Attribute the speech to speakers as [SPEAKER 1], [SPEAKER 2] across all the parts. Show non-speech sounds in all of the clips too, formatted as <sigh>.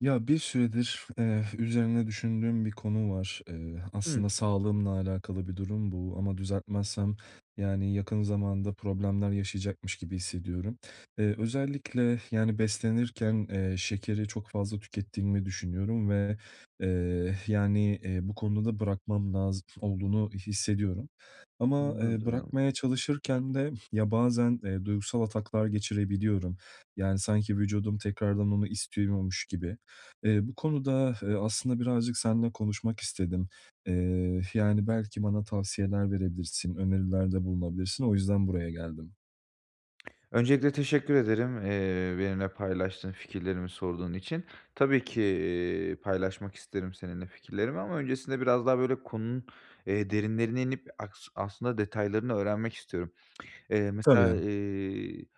[SPEAKER 1] Ya, bir süredir, eee, üzerine düşündüğüm bir konu var. Eee,
[SPEAKER 2] Hı.
[SPEAKER 1] aslında sağlığımla alakalı bir durum bu ama düzeltmezsem, yani, yakın zamanda problemler yaşayacakmış gibi hissediyorum. Iıı, özellikle, yani, beslenirken, eee, şekeri çok fazla tükettiğimi düşünüyorum ve, eee, yani, eee, bu konuda bırakmam lazım olduğunu hissediyorum. Ama, eee,
[SPEAKER 2] Anladım.
[SPEAKER 1] bırakmaya çalışırken de, ya, bazen, eee, duygusal ataklar geçirebiliyorum, yani, sanki vücudum tekrardan onu istiyormuş gibi. Eee, bu konuda, eee, aslında birazcık seninle konuşmak istedim. Eee, yani, belki bana tavsiyeler verebilirsin, önerilerde bulunabilirsin. O yüzden buraya geldim.
[SPEAKER 2] Öncelikle, teşekkür ederim, eee, benimle paylaştığın, fikirlerimi sorduğun için. Tabii ki, iii, paylaşmak isterim seninle fikirlerimi ama öncesinde biraz daha, böyle, konunun, eee, derinlerine inip aks aslında detaylarını öğrenmek istiyorum. Eee, mesela,
[SPEAKER 1] Tabii.
[SPEAKER 2] iii,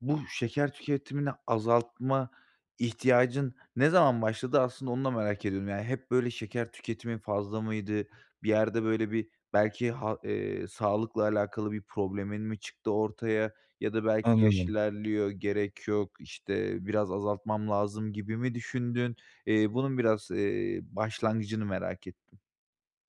[SPEAKER 2] bu şeker tüketimini azaltma ihtiyacın ne zaman başladı aslında onu da merak ediyorum. Yani, hep, böyle, şeker tüketimin fazla mıydı? Bir yerde, böyle, bir belki, ha iii, sağlıkla alakalı bir problemin mi çıktı ortaya ya da "Belki yaş
[SPEAKER 1] Anladım.
[SPEAKER 2] ilerliyor, gerek yok, işte, biraz azaltmam lazım." gibi mi düşündün? İii, bunun biraz, iii, başlangıcını merak ettim.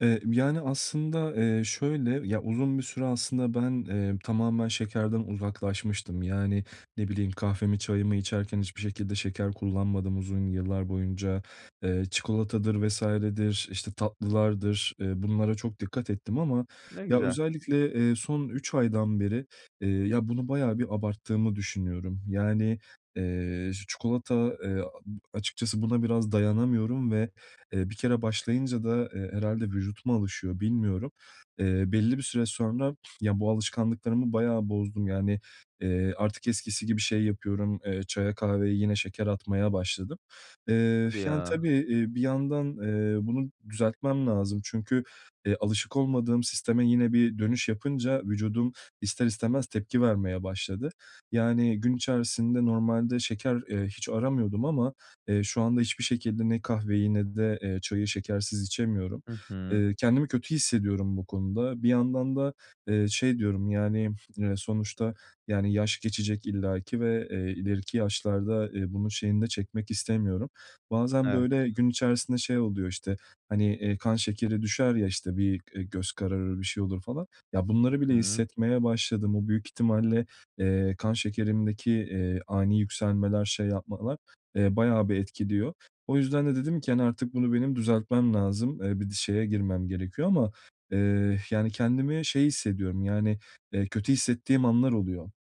[SPEAKER 1] Eee, yani, aslında, ııı, şöyle, ya, uzun bir süre aslında ben, eee, tamamen şekerden uzaklaşmıştım. Yani, ne bileyim, kahvemi, çayımı içerken hiçbir şekilde şeker kullanmadım uzun yıllar boyunca. Eee, çikolatadır vs.dir, işte, tatlılardır, ııı, bunlara çok dikkat ettim ama,
[SPEAKER 2] Ne
[SPEAKER 1] ya,
[SPEAKER 2] güzel.
[SPEAKER 1] özellikle, eee, son 3 aydan beri, eee, ya, bunu bayağı bir abarttığımı düşünüyorum. Yani, eee, çikolata, eee, a açıkçası buna biraz dayanamıyorum ve, eee, bir kere başlayınca da, eee, herhâlde vücut mu alışıyor bilmiyorum. Eee, belli bir süre sonra, ya, bu alışkanlıklarımı bayağı bozdum. Yani, eee, artık eskisi gibi şey yapıyorum, eee, çaya, kahveye yine şeker atmaya başladım. Eee,
[SPEAKER 2] Hadi
[SPEAKER 1] yani,
[SPEAKER 2] ya.
[SPEAKER 1] tabii, eee, bir yandan, eee, bunu düzeltmem lazım çünkü, eee, alışık olmadığım sisteme yine bir dönüş yapınca vücudum ister istemez tepki vermeye başladı. Yani, gün içerisinde normalde şeker, eee, hiç aramıyordum ama, eee, şu anda hiçbir şekilde ne kahveyi ne de, eee, çayı şekersiz içemiyorum.
[SPEAKER 2] Hı hı.
[SPEAKER 1] Eee, kendimi kötü hissediyorum bu konuda. Bir yandan da, eee, şey diyorum, yani, eee, sonuçta, yani, yaş geçecek illaki ve, eee, ileriki yaşlarda, eee, bunun şeyini de çekmek istemiyorum. Bazen,
[SPEAKER 2] Evet.
[SPEAKER 1] böyle, gün içerisinde şey oluyor, işte, hani, eee, kan şekeri düşer ya, işte, bir, eee, göz kararır, bir şey olur falan. Ya, bunları bile
[SPEAKER 2] Hı hı.
[SPEAKER 1] hissetmeye başladım. O büyük ihtimalle, eee, kan şekerimdeki, eee, ani yükselmeler, şey yapmalar, eee, bayağı bir etkiliyor. O yüzden de dedim ki, hani, "Artık bunu benim düzeltmem lazım, eee, bir şeye girmem gerekiyor." ama, eee, yani, kendimi şey hissediyorum, yani, eee, kötü hissettiğim anlar oluyor.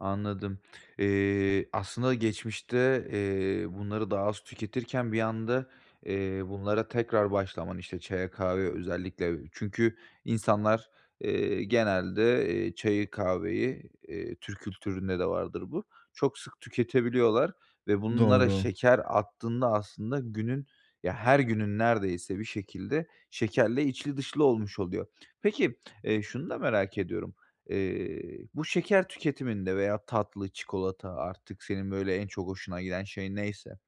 [SPEAKER 2] Anladım. Eee, aslında geçmişte, eee, bunları daha az tüketirken bir anda, eee, bunlara tekrar başlaman, işte, çaya, kahveye özellikle çünkü insanlar, eee, genelde, eee, çayı, kahveyi, eee, Türk kültüründe de vardır bu, çok sık tüketebiliyorlar ve bunlara
[SPEAKER 1] Doğru.
[SPEAKER 2] şeker attığında aslında günün, ya, her günün neredeyse bir şekilde şekerle içli dışlı olmuş oluyor. Peki, eee, şunu da merak ediyorum. Eee, bu şeker tüketiminde veya tatlı, çikolata artık senin, böyle, en çok hoşuna giden şey neyse,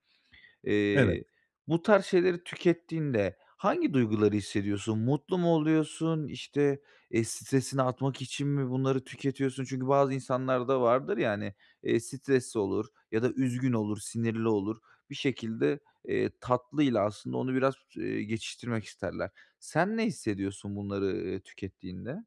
[SPEAKER 1] Evet.
[SPEAKER 2] eee, bu tarz şeyleri tükettiğinde hangi duyguları hissediyorsun? Mutlu mu oluyorsun? İşte, eee, stresini atmak için mi bunları tüketiyorsun? Çünkü bazı insanlar da vardır ya, hani, eee, stresli olur ya da üzgün olur, sinirli olur. Bir şekilde, eee, tatlıyla aslında onu biraz, ııı, geçiştirmek isterler. Sen ne hissediyorsun bunları, ııı, tükettiğinde?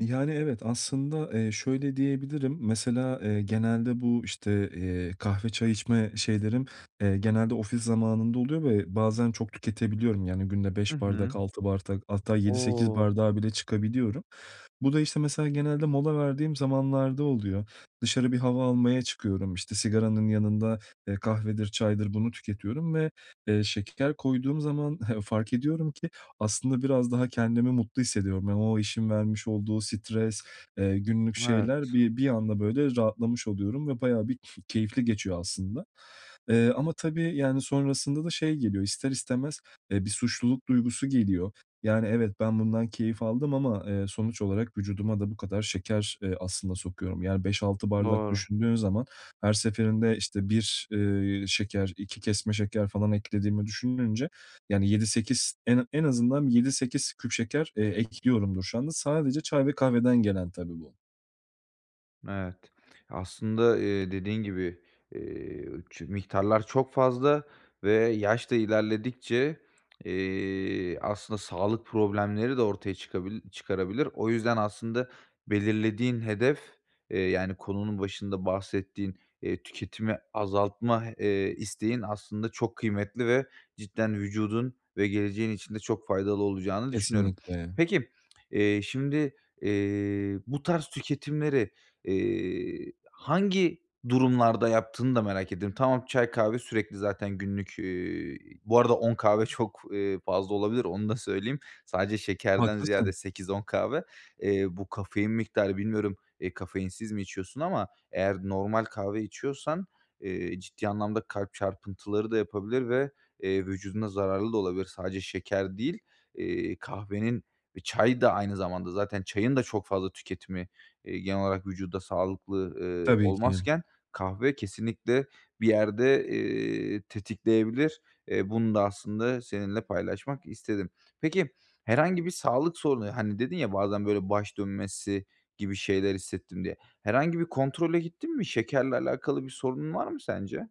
[SPEAKER 1] Yani, evet aslında, eee, şöyle diyebilirim. Mesela, eee, genelde bu, işte, eee, kahve, çay içme şeylerim, eee, genelde ofis zamanında oluyor ve bazen çok tüketebiliyorum, yani, günde
[SPEAKER 2] Hı
[SPEAKER 1] 5 bardak,
[SPEAKER 2] hı.
[SPEAKER 1] 6 bardak hatta 7-8
[SPEAKER 2] O!
[SPEAKER 1] bardağa bile çıkabiliyorum. Bu da, işte, mesela genelde mola verdiğim zamanlarda oluyor. Dışarı bir hava almaya çıkıyorum, işte, sigaranın yanında, eee, kahvedir, çaydır bunu tüketiyorum ve, eee, şeker koyduğum zaman <chuckles> fark ediyorum ki, aslında biraz daha kendimi mutlu hissediyorum. Yani, o işin vermiş olduğu stres, eee, günlük şeyler
[SPEAKER 2] Evet.
[SPEAKER 1] bir bir anda, böyle, rahatlamış oluyorum ve bayağı bir ke keyifli geçiyor aslında. Iıı, ama, tabii, yani, sonrasında da şey geliyor ister istemez, eee, bir suçluluk duygusu geliyor. Yani, evet, ben bundan keyif aldım ama, eee, sonuç olarak vücuduma da bu kadar şeker, eee, aslında sokuyorum. Yani, 5-6 bardak
[SPEAKER 2] Doğru.
[SPEAKER 1] düşündüğün zaman her seferinde, işte, 1, eee, şeker, 2 kesme şeker falan eklediğimi düşününce, yani, 7-8 en en azından 7-8 küp şeker, eee, ekliyorumdur şu anda. Sadece çay ve kahveden gelen, tabii bu.
[SPEAKER 2] Evet. Aslında, iii, dediğin gibi, iii, çü miktarlar çok fazla ve yaş da ilerledikçe, eee, aslında sağlık problemleri de ortaya çıkabil çıkarabilir. O yüzden aslında belirlediğin hedef, eee, yani, konunun başında bahsettiğin, eee, tüketimi azaltma, eee, isteğin aslında çok kıymetli ve cidden vücudun ve geleceğin için de çok faydalı olacağını düşünüyorum.
[SPEAKER 1] Kesinlikle.
[SPEAKER 2] Peki, eee, şimdi, eee, bu tarz tüketimleri, iii, hangi durumlarda yaptığını da merak ediyorum. Tamam, çay, kahve sürekli zaten günlük, iii, bu arada 10 kahve çok, eee, fazla olabilir. Onu da söyleyeyim. Sadece şekerden ziyade
[SPEAKER 1] Haklısın.
[SPEAKER 2] 8-10 kahve. Eee, bu kafein miktarı bilmiyorum, eee, kafeinsiz mi içiyorsun ama eğer normal kahve içiyorsan, eee, ciddi anlamda kalp çarpıntıları da yapabilir ve, eee, vücuduna zararlı da olabilir. Sadece şeker değil, iii, kahvenin ve çay da aynı zamanda zaten çayın da çok fazla tüketimi, eee, genel olarak vücuda sağlıklı, ııı,
[SPEAKER 1] Tabii ki.
[SPEAKER 2] olmazken, kahve kesinlikle bir yerde, eee, tetikleyebilir. Eee, bunu da aslında seninle paylaşmak istedim. Peki, herhangi bir sağlık sorunu, hani, dedin ya, "Bazen böyle baş dönmesi gibi şeyler hissettim." diye. Herhangi bir kontrole gittin mi? Şekerle alakalı bir sorunun var mı sence?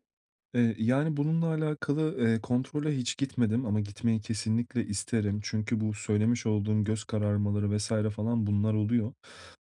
[SPEAKER 1] Eee, yani bununla alakalı, eee, kontrole hiç gitmedim ama gitmeyi kesinlikle isterim. Çünkü bu söylemiş olduğum göz kararmaları vs. falan bunlar oluyor.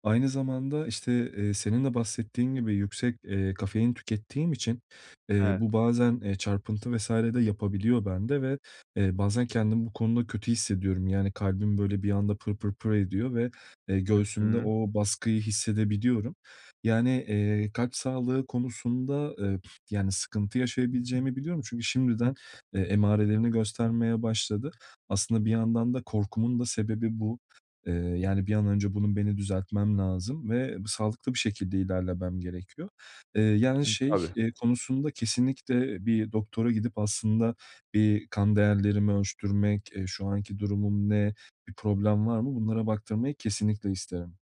[SPEAKER 1] Aynı zamanda, işte, eee, senin de bahsettiğin gibi yüksek, eee, kafein tükettiğim için, eee,
[SPEAKER 2] Evet.
[SPEAKER 1] bu bazen, eee, çarpıntı vs. de yapabiliyor bende ve, eee, bazen kendimi bu konuda kötü hissediyorum. Yani kalbim böyle bir anda pır pır pır ediyor ve, eee,
[SPEAKER 2] Hı
[SPEAKER 1] göğsümde
[SPEAKER 2] hı.
[SPEAKER 1] o baskıyı hissedebiliyorum. Yani, eee, kalp sağlığı konusunda, eee, yani sıkıntı yaşayabileceğimi biliyorum. Çünkü şimdiden, eee, emarelerini göstermeye başladı. Aslında bir yandan da korkumun da sebebi bu. Eee, yani bir an önce bunun beni düzeltmem lazım ve sağlıklı bir şekilde ilerlemem gerekiyor. Eee, yani
[SPEAKER 2] <unintelligible>
[SPEAKER 1] şey,
[SPEAKER 2] Tabii.
[SPEAKER 1] eee, konusunda kesinlikle bir doktora gidip aslında bir kan değerlerimi ölçtürmek, eee, şu anki durumum ne, bir problem var mı, bunlara baktırmayı kesinlikle isterim.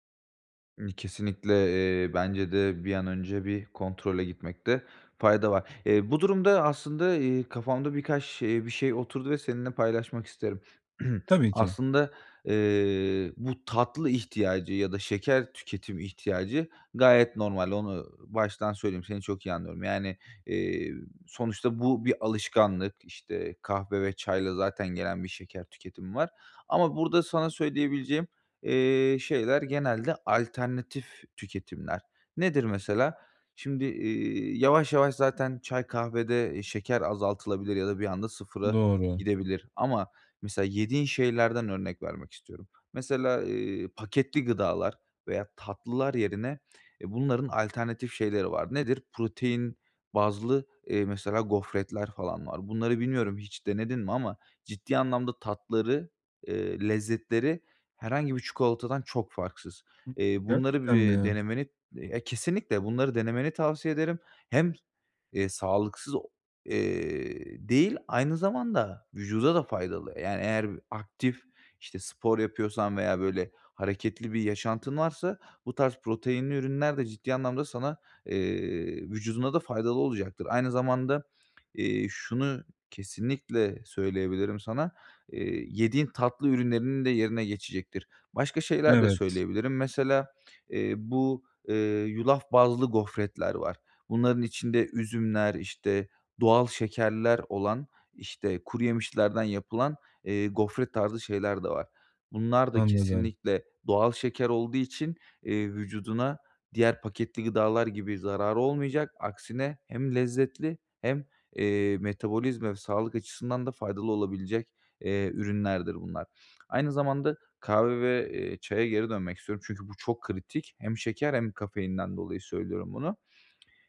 [SPEAKER 2] Imm, kesinlikle, eee, bence de bir an önce bir kontrole gitmekte fayda var. Eee, bu durumda aslında, eee, kafamda birkaç şey bir şey oturdu ve seninle paylaşmak isterim. <clears throat>
[SPEAKER 1] Tabii ki.
[SPEAKER 2] Aslında, eee, bu tatlı ihtiyacı ya da şeker tüketimi ihtiyacı gayet normal, onu baştan söyleyeyim, seni çok iyi anlıyorum, yani, eee, sonuçta bu bir alışkanlık, işte, kahve ve çayla zaten gelen bir şeker tüketimi var ama burada sana söyleyebileceğim, eee, şeyler genelde alternatif tüketimler. Nedir mesela? Şimdi, iii, yavaş yavaş zaten çay, kahvede, eee, şeker azaltılabilir ya da bir anda 0'a
[SPEAKER 1] Doğru.
[SPEAKER 2] gidebilir ama mesela yediğin şeylerden örnek vermek istiyorum. Mesela, eee, paketli gıdalar veya tatlılar yerine, eee, bunların alternatif şeyleri var. Nedir? Protein bazlı, eee, mesela gofretler falan var. Bunları bilmiyorum hiç denedin mi ama ciddi anlamda tatları, eee, lezzetleri herhangi bir çikolatadan çok farksız.
[SPEAKER 1] <unintelligible>
[SPEAKER 2] Eee, bunları
[SPEAKER 1] Gerçekten
[SPEAKER 2] bir
[SPEAKER 1] mi?
[SPEAKER 2] denemeni ya kesinlikle bunları denemeni tavsiye ederim. Hem, eee, sağlıksız, eee, değil, aynı zamanda vücuda da faydalı. Yani, eğer aktif, işte, spor yapıyorsan veya, böyle, hareketli bir yaşantın varsa bu tarz proteinli ürünler de ciddi anlamda sana, eee, vücuduna da faydalı olacaktır. Aynı zamanda, eee, şunu kesinlikle söyleyebilirim sana, eee, yediğin tatlı ürünlerinin de yerine geçecektir. Başka şeyler de
[SPEAKER 1] Evet.
[SPEAKER 2] söyleyebilirim mesela, eee, bu, eee, yulaf bazlı gofretler var, bunların içinde üzümler, işte, doğal şekerler olan, işte, kuruyemişlerden yapılan, eee, gofret tarzı şeyler de var, bunlarda
[SPEAKER 1] Anladım.
[SPEAKER 2] kesinlikle doğal şeker olduğu için, eee, vücuduna diğer paketli gıdalar gibi zararı olmayacak, aksine hem lezzetli hem, eee, metabolizma ve sağlık açısından da faydalı olabilecek, eee, ürünlerdir bunlar. Aynı zamanda kahve ve, eee, çaya geri dönmek istiyorum çünkü bu çok kritik. Hem şeker hem kafeinden dolayı söylüyorum bunu.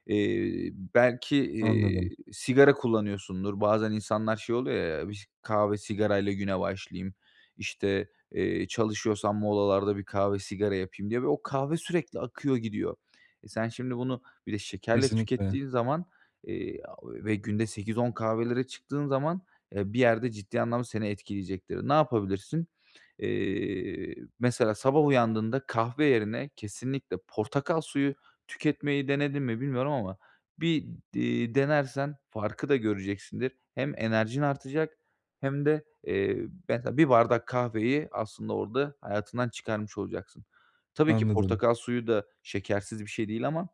[SPEAKER 2] Eee, belki,
[SPEAKER 1] Anladım.
[SPEAKER 2] eee, sigara kullanıyorsundur. Bazen insanlar şey oluyor ya, biş kahve sigarayla güne başlayayım, işte, eee, çalışıyorsam molalarda bir kahve sigara yapayım diye ve o kahve sürekli akıyor gidiyor. E, sen şimdi bunu bir de şekerle
[SPEAKER 1] Kesinlikle.
[SPEAKER 2] tükettiğin zaman, eee, <unintelligible> ve günde 8-10 kahvelere çıktığın zaman, eee, bir yerde ciddi anlamda seni etkileyecektir. Ne yapabilirsin? Eee, mesela sabah uyandığında kahve yerine kesinlikle portakal suyu tüketmeyi denedin mi bilmiyorum ama bir d eee, denersen farkı da göreceksindir. Hem enerjin artacak hem de, eee, mesela 1 bardak kahveyi aslında orada hayatından çıkarmış olacaksın. Tabii ki
[SPEAKER 1] Anladım.
[SPEAKER 2] portakal suyu da şekersiz bir şey değil ama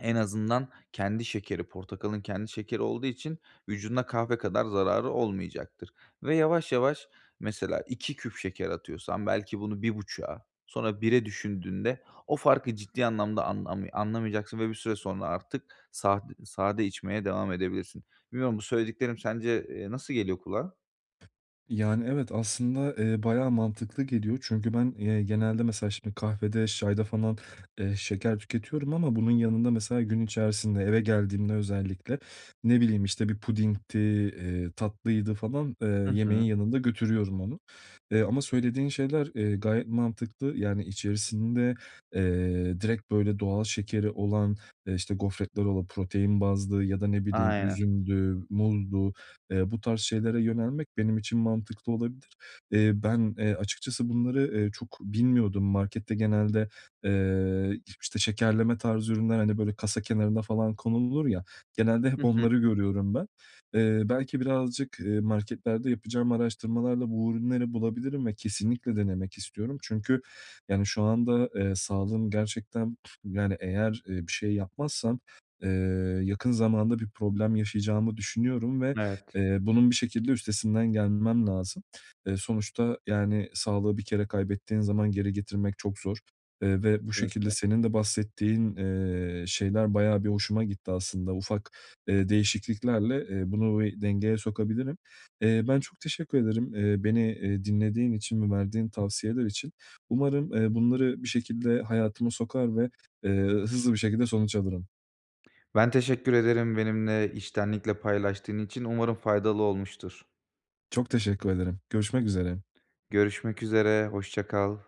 [SPEAKER 2] en azından kendi şekeri, portakalın kendi şekeri olduğu için vücuduna kahve kadar zararı olmayacaktır ve yavaş yavaş mesela 2 küp şeker atıyorsan belki bunu 1,5'a sonra 1'e düşündüğünde o farkı ciddi anlamda an ami anlamayacaksın ve bir süre sonra artık sad sade içmeye devam edebilirsin. Bilmiyorum bu söylediklerim sence, eee, nasıl geliyor kulağa?
[SPEAKER 1] Yani evet aslında, eee, bayağı mantıklı geliyor. Çünkü ben, eee, genelde mesela şimdi kahvede, çayda falan, eee, şeker tüketiyorum ama bunun yanında mesela gün içerisinde eve geldiğimde özellikle, ne bileyim, işte, bir pudingdi, eee, tatlıydı falan, eee,
[SPEAKER 2] Hı
[SPEAKER 1] yemeğin
[SPEAKER 2] hı.
[SPEAKER 1] yanında götürüyorum onu. Eee, ama söylediğin şeyler, eee, gayet mantıklı. Yani içerisinde, eee, direkt böyle doğal şekeri olan, eee, işte, gofretler ola protein bazlı ya da, ne bileyim,
[SPEAKER 2] Aynen.
[SPEAKER 1] üzümdü, muzdu, eee, bu tarz şeylere yönelmek benim için mantıklı olabilir. Eee, ben, eee, açıkçası bunları, eee, çok bilmiyordum. Markette genelde, eee, iş işte şekerleme tarzı ürünler, hani böyle kasa kenarına falan konulur ya, genelde hep
[SPEAKER 2] Hı hı.
[SPEAKER 1] onları görüyorum ben. Eee, belki birazcık, eee, marketlerde yapacağım araştırmalarla bu ürünleri bulabilirim ve kesinlikle denemek istiyorum. Çünkü yani şu anda, eee, sağlığım gerçekten yani eğer, eee, bir şey yapmazsam, eee, yakın zamanda bir problem yaşayacağımı düşünüyorum ve,
[SPEAKER 2] Evet.
[SPEAKER 1] eee, bunun bir şekilde üstesinden gelmem lazım. Eee, sonuçta yani sağlığı bir kere kaybettiğin zaman geri getirmek çok zor, eee, ve bu şekilde
[SPEAKER 2] <unintelligible>
[SPEAKER 1] senin de bahsettiğin, eee, şeyler bayağı bir hoşuma gitti aslında, ufak, eee, değişikliklerle, eee, bunu bir dengeye sokabilirim. Eee, ben çok teşekkür ederim, eee, beni, eee, dinlediğin için ve verdiğin tavsiyeler için. Umarım, eee, bunları bir şekilde hayatıma sokar ve, eee, hızlı bir şekilde sonuç alırım.
[SPEAKER 2] Ben teşekkür ederim benimle içtenlikle paylaştığın için. Umarım faydalı olmuştur.
[SPEAKER 1] Çok teşekkür ederim, görüşmek üzere.
[SPEAKER 2] Görüşmek üzere, hoşça kal.